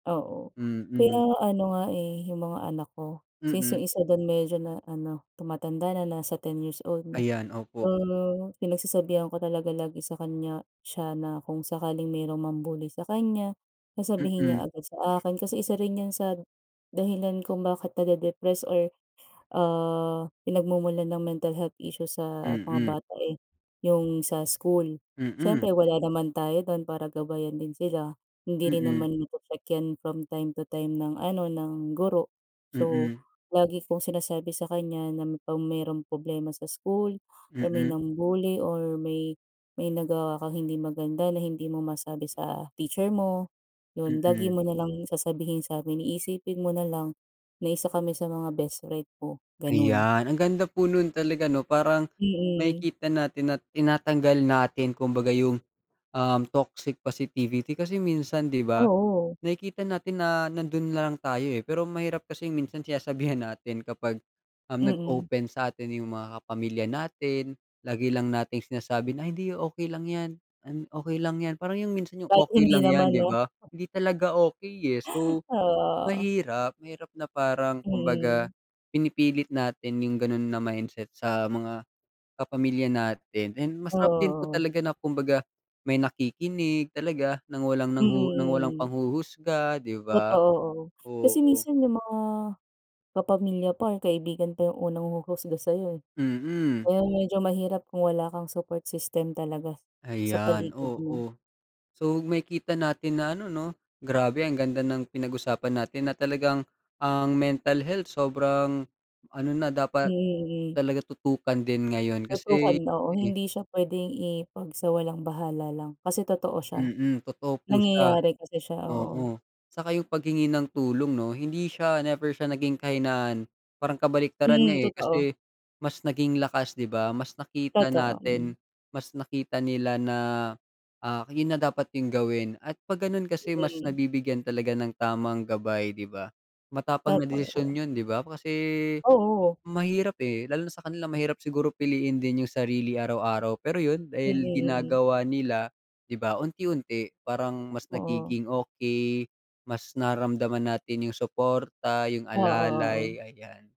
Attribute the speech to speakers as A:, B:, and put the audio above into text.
A: Oo, kaya
B: Mm.
A: ano nga, eh, yung mga anak ko since
B: Mm.
A: yung 1 dun medyo na ano tumatanda na nasa 10 years old na.
B: Ayan,
A: So,
B: opo.
A: pinagsasabihan ko talaga lagi sa kanya siya na kung sakaling mayrong mambully sa kanya, na sabihin niya
B: Mm.
A: agad sa akin kasi isa rin yan sa dahilan kung bakit nade-depressed or, ah, pinagmumulan ng mental health issues sa mga
B: Mm.
A: bata, eh, yung sa school. Siyempre
B: Mm.
A: wala naman tayo dun para gabayan din sila, hindi rin
B: Mm.
A: naman ma-protect yan from time to time ng ano ng guro. So
B: Mm.
A: lagi kong sinasabi sa kanya na pag merong problema sa school or may
B: Mm.
A: nambully or may may nagawa kang hindi maganda na hindi mo masabi sa teacher mo, yun lagi
B: Mm.
A: mo nalang sasabihin samin, iisipin mo nalang na 1 kami sa mga best friend mo, ganon.
B: Ayan, ang ganda po nun talaga ano parang,
A: Mm.
B: makikita natin na tinatanggal natin kumbaga yung, um, toxic positivity kasi minsan di ba,
A: Oo.
B: nakikita natin na nandun na lang tayo eh, pero mahirap kasing minsan sinasabihan natin kapag, um,
A: Mm.
B: nag-open satin yung mga pamilya natin lagi lang nating sinasabi na, "Hindi okey lang yan, okey lang yan," parang yung minsan yung
A: Kahit
B: okey
A: hindi
B: lang yan
A: naman
B: di
A: 'no?
B: ba, hindi talaga okey, eh, so,
A: Oo.
B: mahirap mahirap na parang kumbaga
A: Mm.
B: pinipilit natin yung ganun na mindset sa mga kapamilya natin. And masarap din po
A: Oo.
B: talaga na kumbaga may nakikinig, talaga ng walang nang nang walang
A: Mm, mm.
B: panghuhusga di ba?
A: Totoo oo, kasi
B: Oo.
A: minsan yung mga kapamilya pa, kaibigan pa, yung unang huhusga sayo, eh.
B: Mm.
A: Ngayon medyo mahirap kung wala kang support system talaga, sa
B: Ayan
A: paligid mo.
B: oo. So makikita natin na ano 'no, grabe ang ganda ng pinag-usapan natin na talagang ang mental health sobrang ano na
A: Mm,
B: dapat,
A: mm.
B: talaga tutukan din ngayon
A: Tutukan
B: kasi,
A: oo,
B: eh
A: hindi siya puwedeng i-pag sa walang bahala lang kasi totoo siya.
B: mm, totoo po siya.
A: Nangyayari kasi siya, oo.
B: Oo, saka yung paghingi ng tulong 'no hindi siya never siya naging kahinaan parang kabaliktaran nga,
A: Hmm,
B: eh,
A: totoo.
B: kasi mas naging lakas di ba, mas nakita
A: Totoo,
B: natin,
A: hmm.
B: mas nakita nila na, ah, yun na dapat yung gawin at pag ganun kasi mas
A: Today.
B: nabibigyan talaga ng tamang gabay di ba, matapang na
A: Totoo.
B: desisyon yun di ba, kasi,
A: Oo.
B: mahirap, eh, lalo na sa kanila mahirap siguro piliin din yung sarili araw-araw pero yun
A: Mm,
B: dahil
A: mm.
B: ginagawa nila, di ba unti-unti parang mas
A: Oo.
B: nagiging okey, mas nararamdaman natin yung suporta, yung
A: Oo, oo.
B: alalay, ayan.